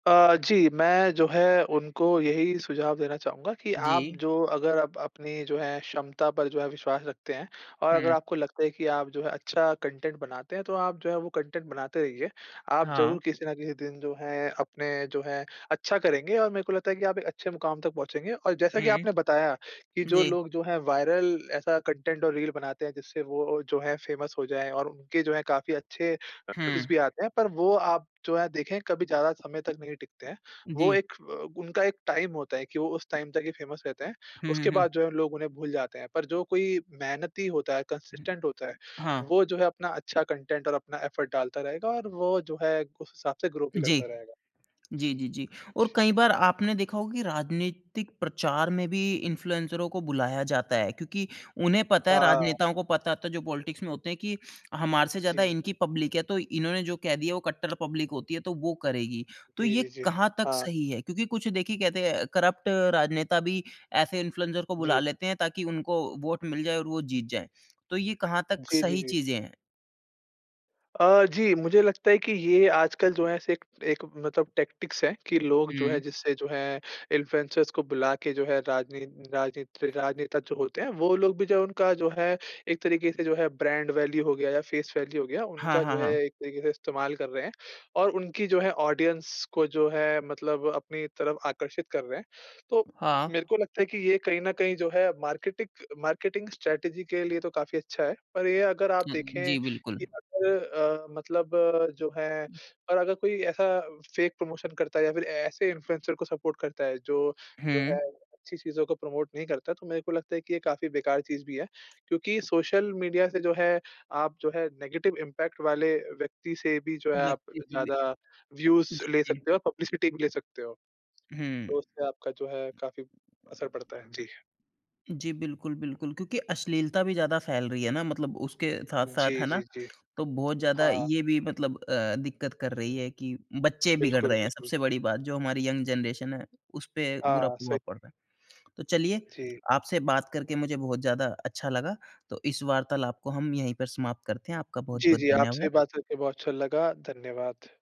अ, जी। मैं जो है उनको यही सुझाव देना चाहूँगा कि, आप जी। जो अगर आप अपनी जो है क्षमता पर जो है विश्वास रखते हैं और अगर हुँ। आपको लगता है कि आप जो है अच्छा कंटेंट बनाते हैं, तो आप जो है वो कंटेंट बनाते रहिए। आप हाँ। ज़रूर किसी न किसी दिन जो है अपने जो है अच्छा करेंगे और मेरे को लगता है कि आप एक अच्छे मुकाम तक पहुँचेंगे। और जैसा की हुँ। आपने बताया कि जो जी लोग जो है वायरल ऐसा कंटेंट रील बनाते हैं जिससे वो जो है फ़ेमस हो जाए और उनके जो है काफ़ी अच्छे व्यूज़ हुँ। भी आते हैं, पर वो आप जो है देखें, कभी ज़्यादा समय तक नहीं टिकते हैं। वो जी। एक उनका एक टाइम होता है कि वो उस टाइम तक ही फ़ेमस रहते हैं, हुँ, हुँ, उसके हुँ बाद जो है लोग उन्हें भूल जाते हैं। पर जो कोई मेहनती होता है, कंसिस्टेंट होता है, हाँ। वो जो है अपना अच्छा कंटेंट और अपना एफ़र्ट डालता रहेगा और वो जो है उस हिसाब से ग्रो भी जी। करता रहेगा। जी, जी, जी। और कई बार आपने देखा होगा कि राजनीतिक प्रचार में भी इन्फ्लुएंसरों को बुलाया जाता है क्योंकि उन्हें पता है, हाँ। राजनेताओं को पता होता है जो पॉलिटिक्स में होते हैं कि हमारे से ज़्यादा जी। इनकी पब्लिक है तो इन्होंने जो कह दिया वो कट्टर पब्लिक होती है तो वो करेगी। तो जी, ये जी, जी। कहाँ तक हाँ। सही है क्योंकि कुछ देखिए कहते हैं करप्ट राजनेता भी ऐसे इन्फ्लुएंसर को बुला जी। लेते हैं ताकि उनको वोट मिल जाए और वो जीत जाए। तो ये कहाँ तक जी, जी, सही जी। चीज़ें हैं? अ, जी मुझे लगता है कि ये आजकल जो है से एक मतलब टैक्टिक्स है कि लोग जो है, हुँ। जिससे जो है इन्फ्लुएंसर्स को बुला के जो है राजनीत राजनीत राजनेता जो होते हैं, वो लोग भी जो उनका जो है, एक तरीके से जो है ब्रांड वैल्यू हो गया या फ़ेस वैल्यू हो गया हाँ, उनका जो हाँ, है हाँ। एक तरीके से इस्तेमाल कर रहे हैं और उनकी जो है ऑडियंस को जो है मतलब अपनी तरफ आकर्षित कर रहे हैं। तो हाँ। मेरे को लगता है कि ये कहीं न कहीं जो है मार्केटिक मार्केटिंग स्ट्रैटेजी के लिए तो काफ़ी अच्छा है। पर ये अगर आप देखें जी, बिल्कुल। कि अगर अ, मतलब जो है और अगर कोई ऐसा फेक प्रमोशन करता है या फिर ऐसे इन्फ्लुएंसर को सपोर्ट करता है जो, जो है हुँ। अच्छी चीज़ों को प्रमोट नहीं करता तो मेरे को लगता है कि ये काफ़ी बेकार चीज़ भी है। क्योंकि सोशल मीडिया से जो है, आप जो है नेगेटिव इम्पैक्ट वाले व्यक्ति से भी जो है, आप व्यक्ति को लिए ज़्यादा व्यूज़ जी, ले जी। सकते हो, पब्लिसिटी भी ले सकते हो। हुँ। तो उससे आपका जो है काफ़ी असर पड़ता है। जी। जी, बिल्कुल, बिल्कुल। क्योंकि अश्लीलता भी ज़्यादा फैल रही है ना मतलब उसके साथ-साथ जी, है ना जी, जी। तो बहुत ज़्यादा हाँ ये भी मतलब अ, दिक्क़त कर रही है कि बच्चे बिगड़ बिल्कुल, रहे हैं बिल्कुल। सबसे बड़ी बात जो हमारी यंग जेनरेशन है, उसपे बुरा हाँ, सही। प्रभाव पड़ रहा है। तो चलिए जी। आपसे बात करके मुझे बहुत ज़्यादा अच्छा लगा तो इस वार्तालाप को हम यहीं पर समाप्त करते हैं, आपका जी, बहुत-बहुत जी। आपसे धन्यवाद। बात करके बहुत अच्छा लगा। धन्यवाद।